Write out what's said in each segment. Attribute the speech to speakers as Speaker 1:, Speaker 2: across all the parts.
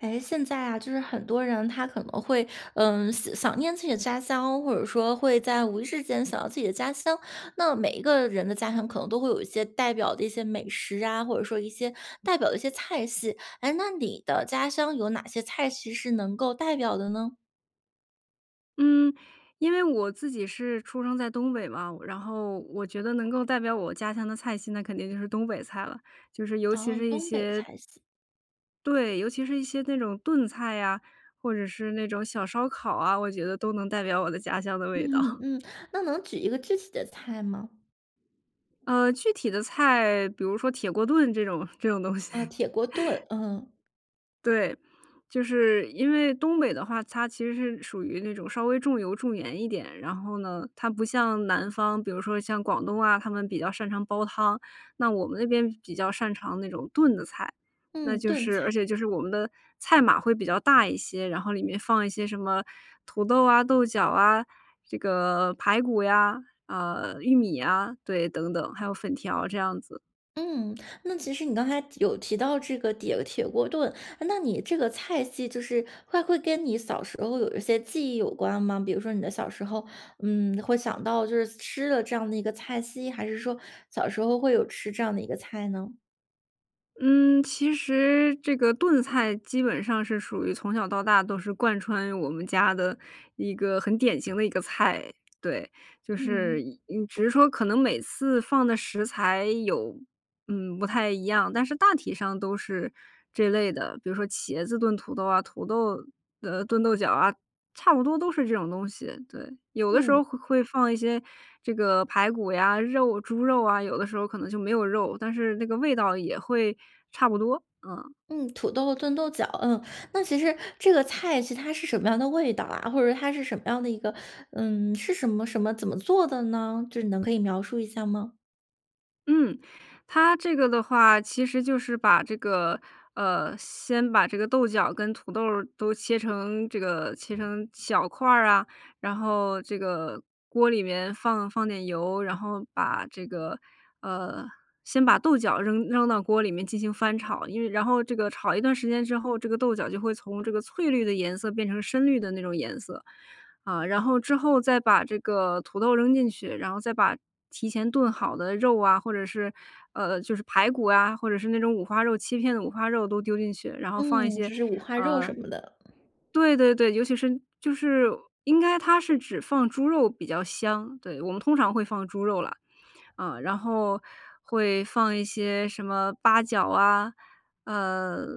Speaker 1: 诶，现在啊，就是很多人他可能会，呃想想念自己的家乡，或者说会在无意识间想到自己的家乡。那每一个人的家乡可能都会有一些代表的一些美食啊，或者说一些代表的一些菜系，诶，那你的家乡有哪些菜系是能够代表的呢？
Speaker 2: 嗯，因为我自己是出生在东北嘛，然后我觉得能够代表我家乡的菜系那肯定就是东北菜了，就是尤其
Speaker 1: 哦，
Speaker 2: 是一
Speaker 1: 东北
Speaker 2: 些
Speaker 1: 菜系。
Speaker 2: 对，尤其是一些那种炖菜呀，或者是那种小烧烤啊，我觉得都能代表我的家乡的味
Speaker 1: 嗯
Speaker 2: 道。
Speaker 1: 嗯，那能举一个具体的菜吗？
Speaker 2: 呃，具体的菜，比如说铁锅炖这种这种东西。
Speaker 1: 哦，铁锅炖，嗯。
Speaker 2: 对。就是因为东北的话，它其实是属于那种稍微重油、重盐一点，然后呢，它不像南方，比如说像广东啊，他们比较擅长煲汤。那我们那边比较擅长那种炖的菜，那
Speaker 1: 嗯，
Speaker 2: 就
Speaker 1: 炖
Speaker 2: 是而
Speaker 1: 菜。
Speaker 2: 且就是我们的菜码会比较大一些，然后里面放一些什么土豆啊、豆角啊，这个排骨呀，啊，玉米呀，对，等等，还有粉条这样子。
Speaker 1: 嗯，那其实你刚才提有提到这个铁铁锅炖，诶，那你这个菜系就是会会跟你小时候有一些记忆有关吗？比如说你的小时候，嗯，会想到就是吃了这样的一个菜系，还是说小时候会有吃这样的一个菜呢？
Speaker 2: 嗯，其实这个炖菜基本上是属于从小到大都是贯穿我们家的一个很典型的一个菜，对，就是
Speaker 1: 嗯。
Speaker 2: 嗯，只是说可能每次放的食材有嗯，不太一样，但是大体上都是，这类的。比如说茄子炖土豆啊，土豆呃，炖豆角啊，差不多都是这种东西，对。有的时
Speaker 1: 嗯。
Speaker 2: 候会会放一些这个排骨呀，肉猪肉啊，有的时候可能就没有肉，但是那个味道也会差不多，嗯。
Speaker 1: 嗯，土豆炖豆角，嗯。那其实这个菜其实它是什么样的味道啊？或者它是什么样的一个嗯，是什么什么怎么做的呢？就是你能可以描述一下吗？
Speaker 2: 嗯，它这个的话，其实就是把这个呃，先把这个豆角跟土豆儿都切成这个切成小块儿啊，然后这个锅里面放放点油，然后把这个，呃，先把豆角扔扔到锅里面进行翻炒，因为然后这个炒一段时间之后，这个豆角就会从这个翠绿的颜色变成深绿的那种颜色。啊，然后之后再把这个土豆扔进去，然后再把提前炖好的肉啊，或者是，呃，就是排骨啊，或者是那种五花肉切片的五花肉都丢进去，然后放一
Speaker 1: 嗯，
Speaker 2: 些呃，
Speaker 1: 就是五花肉什么的。
Speaker 2: 对对对，尤其是就是应该它是只放猪肉比较香，对，我们通常会放猪肉啦，啊，然后会放一些什么八角啊，呃，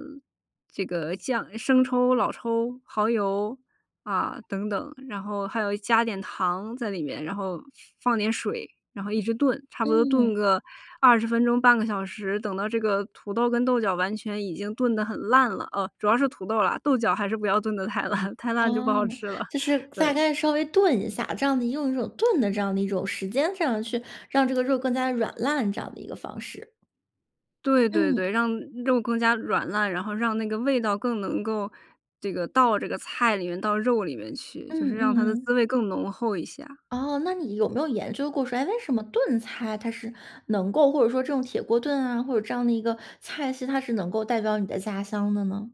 Speaker 2: 这个酱生抽，老抽，蚝油啊等等，然后还有加点糖在里面，然后放放点水，然后一直炖，差不多炖
Speaker 1: 嗯。
Speaker 2: 个20分钟、半个小时，等到这个土豆跟豆角完全已经炖得很烂了，啊，主要是土豆啦，豆角还是不要炖得太烂，太烂就不
Speaker 1: 哦，
Speaker 2: 好吃了，
Speaker 1: 就是大
Speaker 2: 对。
Speaker 1: 概稍微炖一下，这样的用一种炖的这样的一种时间这样去，让这个肉更加软烂这样的一个方式。
Speaker 2: 对对
Speaker 1: 嗯。
Speaker 2: 对，让肉更加软烂，然后让那个味道更能够这个到这个菜里面、到肉里面去，就是
Speaker 1: 嗯
Speaker 2: 让它的滋
Speaker 1: 嗯。
Speaker 2: 味更浓厚一下。
Speaker 1: 哦，那你有没有研究过说，诶，为什么炖菜它是能够或者说这种铁锅炖啊，或者这样的一个菜系，它是能够代表你的家乡的呢？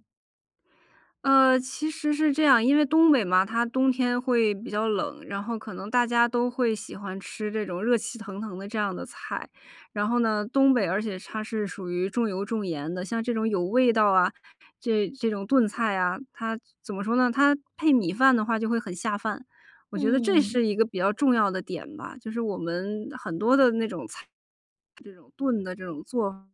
Speaker 2: 呃，其实是这样，因为东北嘛，它冬天会比较冷，然后可能大家都会喜欢吃这种热气腾腾的这样的菜。然后呢，东北而且它是属于重油、重盐的，像这种有味道啊，这这种炖菜啊，它怎么说呢？它配米饭的话就会很下饭。我觉得这
Speaker 1: 嗯。
Speaker 2: 是一个比较重要的点吧，就是我们很多的那种菜，是这种炖的这种做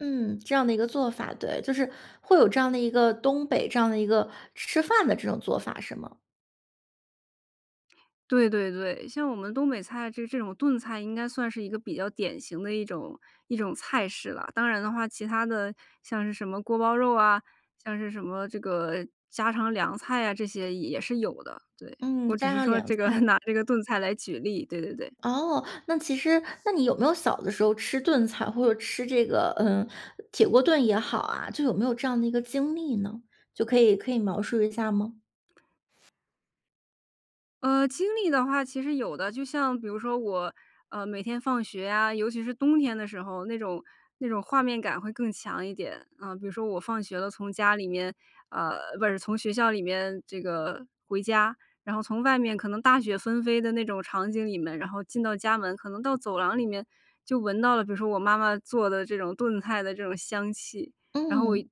Speaker 1: 嗯，这样的一个做法，对。就是会有这样的一个东北这样的一个吃饭的这种做法，是吗？
Speaker 2: 对对对，像我们东北菜这这种炖菜应该算是一个比较典型的一种一种菜式啦。当然的话，其它的像是什么锅包肉啊、像是什么这个家常凉菜啊，这些也是有的，对。
Speaker 1: 嗯，
Speaker 2: 我只
Speaker 1: 家
Speaker 2: 是
Speaker 1: 常
Speaker 2: 说
Speaker 1: 凉
Speaker 2: 这个
Speaker 1: 菜。
Speaker 2: 拿这个炖菜来举例，对对对。
Speaker 1: 哦，那其实那你有没有小的时候吃炖菜，或者吃这个，呃，铁锅炖也好啊，就有没有这样的一个经历呢？就可以可以描述一下儿吗？
Speaker 2: 呃，经历的话其实有的，就像比如说我，呃，每天放学呀，尤其是冬天的时候，那种那种画面感会更强一点，呃，比如说我放学了，从家里面，呃，不是，从学校里面这个回家，然后从外面可能大雪纷飞的那种场景里面，然后进到家门，可能到走廊里面就闻到了，比如说我妈妈做的这种炖菜的这种香气，然后我一一
Speaker 1: 嗯。
Speaker 2: 进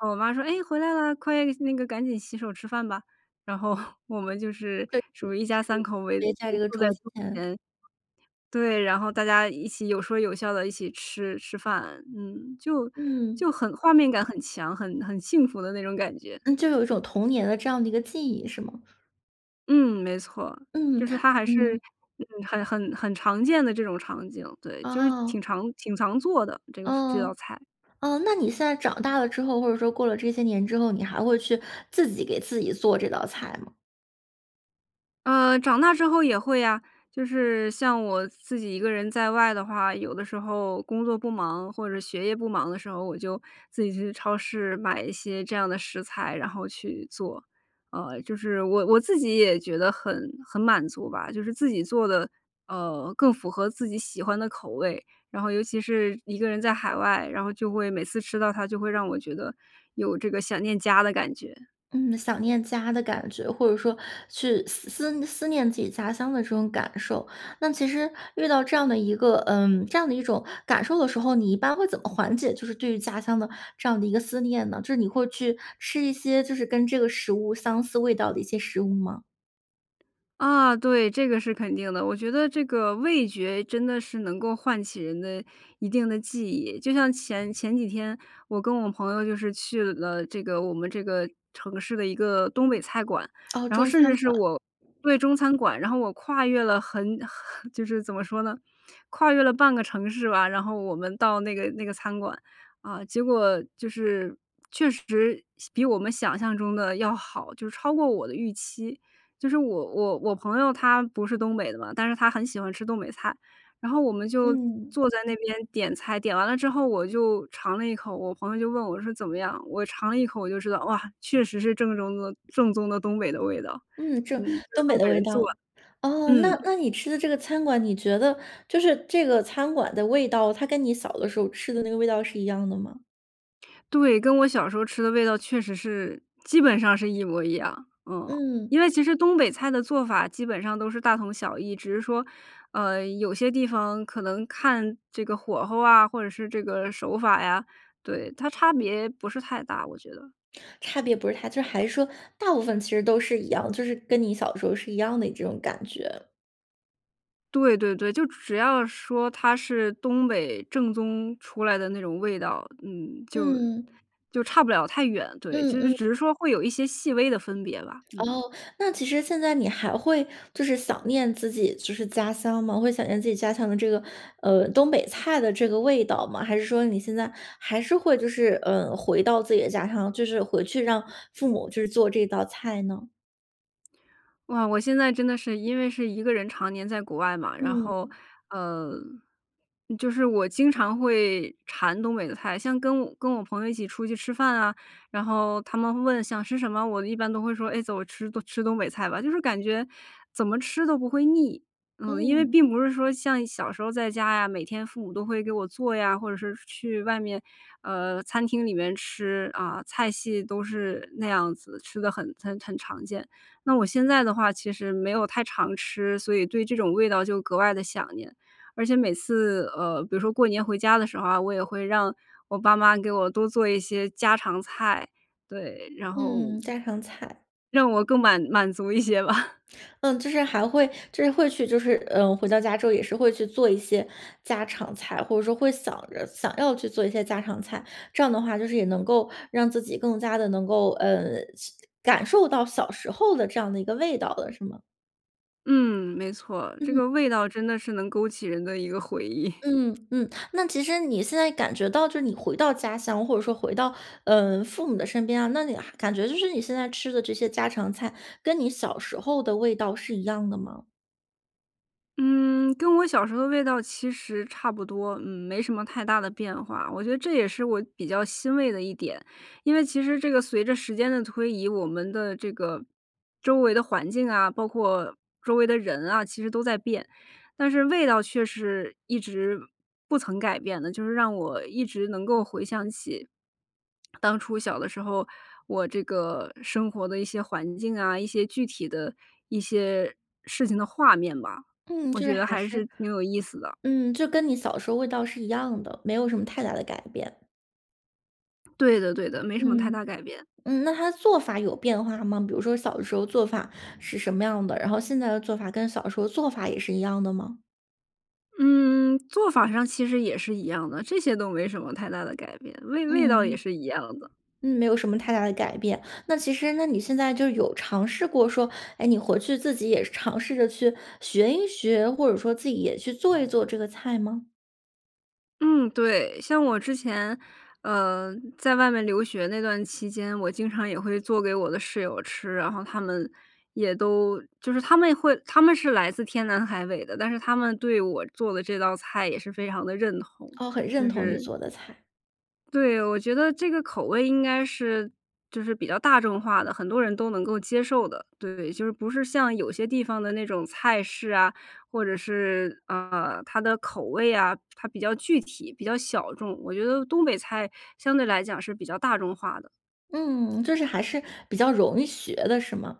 Speaker 2: 门，我妈说：“哎，回来了，快那个赶紧洗手吃饭吧，”然后 我们就是
Speaker 1: 确实
Speaker 2: 属于一家三口围
Speaker 1: 是，围在
Speaker 2: 围
Speaker 1: 这个
Speaker 2: 坐在
Speaker 1: 桌子
Speaker 2: 桌
Speaker 1: 前。
Speaker 2: 前，对，然后大家一起有说有笑地一起吃吃饭，嗯，就就
Speaker 1: 嗯。
Speaker 2: 很画面感很强，很很幸福的那种感觉。
Speaker 1: 嗯，就有一种童年的这样的一个记忆是吗？
Speaker 2: 嗯，没错，
Speaker 1: 嗯，
Speaker 2: 就是 它还是
Speaker 1: 嗯。
Speaker 2: 很很很常见的这种场景，对，就是挺
Speaker 1: 哦。
Speaker 2: 常挺常做的这个这道
Speaker 1: 哦，
Speaker 2: 菜。
Speaker 1: 哦，那你现在长大了之后，或者说过了这些年之后，你还会去自己给自己做这道菜吗？
Speaker 2: 呃，长大之后也会呀，就是像我自己一个人在外的话，有的时候工作不忙，或者学业不忙的时候。我就自己去超市买一些这样的食材，然后去做，呃，就是我我自己也觉得很很满足吧，就是自己做的，呃，更符合自己喜欢的口味。然后尤其是一个人在海外，然后就会每次吃到它就会让我觉得有这个想念家的感觉。
Speaker 1: 嗯，想念家的感觉，或者说去思思思念自己家乡的这种感受。那其实遇到这样的一个，嗯，这样的一种感受的时候，你一般会怎么缓解就是对于家乡的这样的一个思念呢？就是你会去吃一些就是跟这个食物相似味道的一些食物吗？
Speaker 2: 啊，对，这个是肯定的。我觉得这个味觉真的是能够唤起人的一定的记忆。就像前前几天，我跟我朋友就是去了这个我们这个城市的一个东北菜馆，
Speaker 1: 哦，
Speaker 2: 然后
Speaker 1: 中
Speaker 2: 甚至
Speaker 1: 餐
Speaker 2: 是
Speaker 1: 馆。
Speaker 2: 我对，中餐馆，然后我跨越了很很 就是怎么说呢，跨越了半个城市吧，然后我们到那个那个餐馆。啊，结果就是确实，想比我们想象中地要好，就超过我的预期。就是我我我朋友他不是东北的嘛，但是他很喜欢吃东北菜。然后我们就
Speaker 1: 嗯。
Speaker 2: 坐在那边点菜，点完了之后，我就尝了一口，我朋友就问我说：“怎么样？”我尝了一口，我就知道，哇，确实是正中的正宗的东北的味道。
Speaker 1: 嗯，正
Speaker 2: 嗯，这是
Speaker 1: 东
Speaker 2: 东
Speaker 1: 北的
Speaker 2: 北
Speaker 1: 味
Speaker 2: 人做
Speaker 1: 道。
Speaker 2: 的，
Speaker 1: 哦，那
Speaker 2: 嗯。
Speaker 1: 那你吃的这个餐馆，你觉得就是这个餐馆的味道，它跟你小的时候吃的那个味道是一样的吗？
Speaker 2: 对，跟我小时候吃的味道确实是，基本上是一模一样，嗯。
Speaker 1: 嗯。
Speaker 2: 因为其实东北菜的做法基本上都是大同小异，只是说，呃，有些地方可能看这个火候啊，或者是这个手法呀，对，它差别不是太大，我觉得。
Speaker 1: 差别不是太就是还是说，大部分其实都是一样，就是跟你小时候是一样的这种感觉。
Speaker 2: 对对对，就只要说它是东北正宗出来的那种味道，嗯，就
Speaker 1: 嗯。
Speaker 2: 就差不了太远，对，
Speaker 1: 嗯，
Speaker 2: 就是
Speaker 1: 嗯
Speaker 2: 只是说会有一些细微的分别吧，嗯。
Speaker 1: 哦，那其实现在你还会就是想念自己就是家乡吗？会想念自己家乡的这个，呃，东北菜的这个味道吗？还是说你现在还是会，就是，呃，回到自己的家乡，就是回去让父母去做这道菜呢？
Speaker 2: 哇，我现在真的是因为是1个人常年在国外嘛，然后，
Speaker 1: 嗯。
Speaker 2: 呃，就是我经常会馋东北的菜。像跟我跟我朋友一起出去吃饭啊，然后他们问想吃什么，我一般都会说：“哎，走，我吃吃东北菜吧。“就是感觉，怎么吃都不会腻。嗯，因为
Speaker 1: 嗯。
Speaker 2: 并不是说像小时候在家呀，每天父母都会给我做呀，或者是去外面，呃，餐厅里面吃，啊，菜系都是那样子，吃得很很很常见。那我现在的话，其实没有太常吃，所以对这种味道就格外地想念。而且每次呃比如说过年回家的时候啊，我也会让我爸妈给我多做一些家常菜，对，然后
Speaker 1: 嗯，家常菜。
Speaker 2: 让我更满满足一些吧。
Speaker 1: 嗯，就是还会就是会去就是，呃，回到家之后也是会去做一些家常菜，或者说会想着想要去做一些家常菜。这样的话，就是也能够让自己更加地能够，呃，是感受到小时候的这样的一个味道了，是吗？
Speaker 2: 嗯，没错，这
Speaker 1: 嗯。
Speaker 2: 个味道真的是能勾起人的一个回忆。
Speaker 1: 嗯，嗯，那其实你现在感觉到就是你回到家乡，或者说回到，呃，父母的身边啊，那你还感觉就是你现在吃的这些家常菜，跟你小时候的味道是一样的吗？
Speaker 2: 嗯，跟我小时候的味道其实差不多，嗯，没什么太大的变化，我觉得这也是我比较欣慰的一点。因为其实这个随着时间的推移，我们的这个，周围的环境啊，包括周围的人啊，其实都在变。但是味道却是一直不曾改变的，就是让我一直能够回想起，当初小的时候，我这个生活的一些环境啊，一些具体的一些，事情的画面吧。
Speaker 1: 嗯，
Speaker 2: 我
Speaker 1: 就是
Speaker 2: 觉得
Speaker 1: 还
Speaker 2: 还
Speaker 1: 是
Speaker 2: 是挺有意思的。
Speaker 1: 嗯，就跟你小时候味道是一样的，没有什么太大的改变。
Speaker 2: 对的，对的，没什么太
Speaker 1: 嗯，
Speaker 2: 大改变。
Speaker 1: 嗯，那它的做法有变化吗？比如说小的时候做法是什么样的，然后现在的做法跟小时候做法也是一样的吗？
Speaker 2: 嗯，做法上其实也是一样的，这些都没什么太大的改变，味味道也
Speaker 1: 嗯，
Speaker 2: 是一样的。
Speaker 1: 嗯，没有什么太大的改变。那其实那你现在就有尝试过说，哎，你回去自己也是尝试着去学一学，或者说自己也去做一做这个菜吗？
Speaker 2: 嗯，对，像我之前，呃，在外面留学那段期间，我经常也会做给我的室友吃。然后她们也都就是她们会她们是来自天南海北的，但是她们对我做的这道菜也是非常地认同，
Speaker 1: 哦，很认
Speaker 2: 就
Speaker 1: 同你
Speaker 2: 是
Speaker 1: 做的菜。
Speaker 2: 对，我觉得这个口味应该是就是比较大众化的，很多人都能够接受的，对。就是不是像有些地方的那种菜式啊，或者是，呃，它的口味啊，它比较具体、比较小众。我觉得东北菜相对来讲是比较大众化的。
Speaker 1: 嗯，就是还是比较容易学的是吗？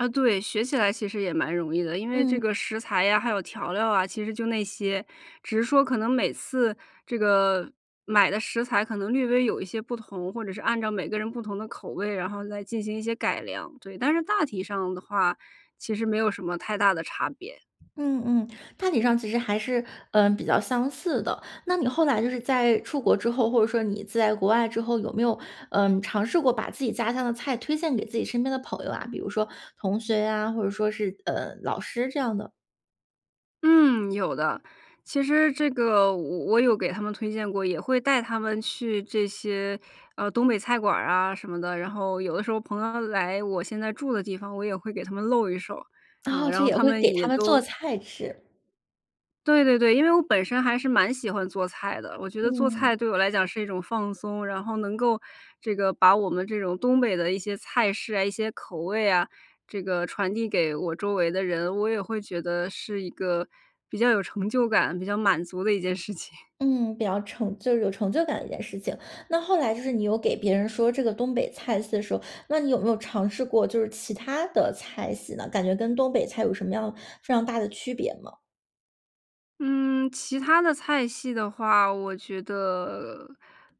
Speaker 2: 啊，对，学起来其实也蛮容易的。因为这
Speaker 1: 嗯。
Speaker 2: 个食材呀，还有调料啊，其实就那些，只是说可能每次这个，买的食材可能略微有一些不同，或者是按照每个人不同的口味，然后再进行一些改良，对。但是大体上的话，其实没有什么太大的差别。
Speaker 1: 嗯嗯，大体上其实还是，呃，比较相似的。那你后来就是在出国之后，或者说你在国外之后，有没有，呃，尝试过把自己家乡的菜推荐给自己身边的朋友啊？比如说同学呀，或者说是呃，老师这样的？
Speaker 2: 嗯，有的。其实这个我我有给他们推荐过，也会带他们去这些，呃，东北菜馆儿啊，什么的，然后有的时候朋友来我现在住的地方，我也会给他们露一手，啊，
Speaker 1: 哦，
Speaker 2: 然
Speaker 1: 这
Speaker 2: 后
Speaker 1: 也
Speaker 2: 他
Speaker 1: 会
Speaker 2: 们
Speaker 1: 给
Speaker 2: 也
Speaker 1: 他们做
Speaker 2: 都
Speaker 1: 菜吃。
Speaker 2: 对对对。因为我本身还是蛮喜欢做菜的，我觉得做
Speaker 1: 嗯。
Speaker 2: 菜对我来讲是一种放松。然后能够这个把我们这种东北的一些菜式啊、一些口味啊，这个传递给我周围的人。我也会觉得是一个比较有成就感、比较满足的一件事情。
Speaker 1: 嗯，比较成就是有成就感的一件事情。那后来就是你有给别人说这个东北菜系的时候，那你有没有尝试过就是其它的菜系呢？感觉跟东北菜有什么样非常大的区别吗？
Speaker 2: 嗯，其它的菜系的话，我觉得，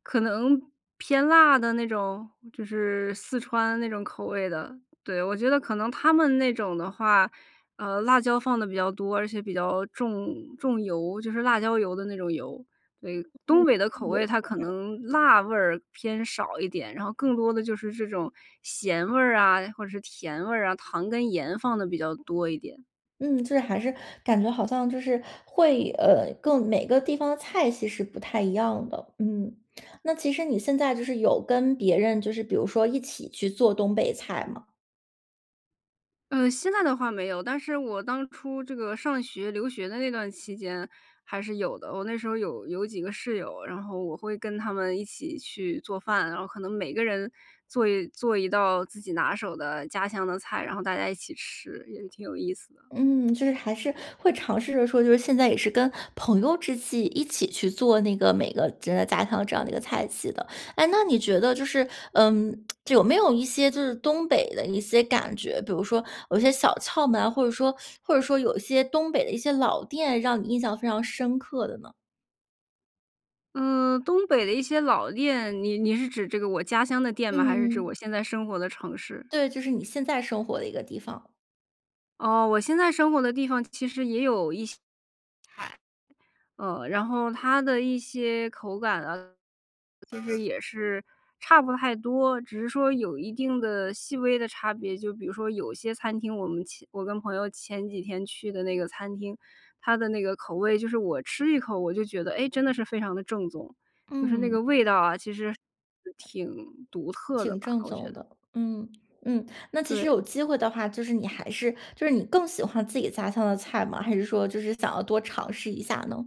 Speaker 2: 可能偏辣的那种？就是四川那种口味的。对，我觉得可能它们那种的话，呃，辣椒放得比较多，而且比较重重油，就是辣椒油的那种油，对。东
Speaker 1: 嗯。
Speaker 2: 北的口
Speaker 1: 重油、
Speaker 2: 味，它
Speaker 1: 重
Speaker 2: 可
Speaker 1: 辣。
Speaker 2: 能辣味儿偏少一点，然后更多的就是这种咸味儿啊，或者是甜味儿啊，糖跟盐放得比较多一点。
Speaker 1: 嗯，就是还是感觉好像就是，会，呃，更每个地方的菜系是不太一样的，嗯。那其实你现在就是有跟别人，就是比如说一起去做东北菜吗？
Speaker 2: 呃，现在的话没有，但是我当初这个上学留学的那段期间还是有的。我那时候有有几个室友，然后我会跟她们一起去做饭。然后可能每个人做一做一道自己拿手的家乡的菜，然后大家一起吃，也挺有意思的。
Speaker 1: 嗯，就是还是会尝试着说，就是现在也是跟朋友之际，一起去做那个每个人的家乡这样的一个菜系的。诶，那你觉得就是，嗯，有没有一些就是东北的一些感觉，比如说有一些小窍门啊，或者说或者说有一些东北的一些老店，让你印象非常深刻的呢？
Speaker 2: 嗯，东北的一些老店，你你是指这个我家乡的店吗？还是指
Speaker 1: 嗯。
Speaker 2: 我现在生活的城市？
Speaker 1: 对，就是你现在生活的一个地方。
Speaker 2: 哦，我现在生活的地方其实也有一些呃，然后它的一些口感啊，其实也是差不太多，只是说有一定的细微的差别。就比如说有些餐厅，我们前我跟朋友前几天去的那个餐厅，它的那个口味就是我吃一口，我就觉得：“诶，真的是非常地正宗。”就是那
Speaker 1: 嗯。
Speaker 2: 个味道啊，其实挺独特的
Speaker 1: 挺
Speaker 2: 吧，
Speaker 1: 正
Speaker 2: 我觉
Speaker 1: 宗
Speaker 2: 得。
Speaker 1: 的，嗯嗯。那其实
Speaker 2: 对。
Speaker 1: 有机会的话，就是你还是就是你更喜欢自己家乡的菜吗？还是说就是想要多尝试一下呢？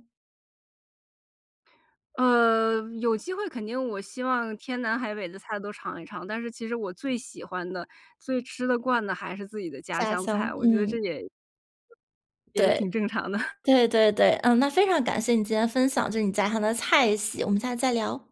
Speaker 2: 呃，有机会肯定我希望天南海北的菜都尝一尝，但是其实我最喜欢的、最吃得惯的还是自己的家
Speaker 1: 家
Speaker 2: 乡
Speaker 1: 乡，
Speaker 2: 菜，我觉得这
Speaker 1: 嗯。
Speaker 2: 也也是
Speaker 1: 对，
Speaker 2: 挺正常的。
Speaker 1: 对对对。嗯，那非常感谢你今天分享，就是你家乡的菜系，我们下次再聊。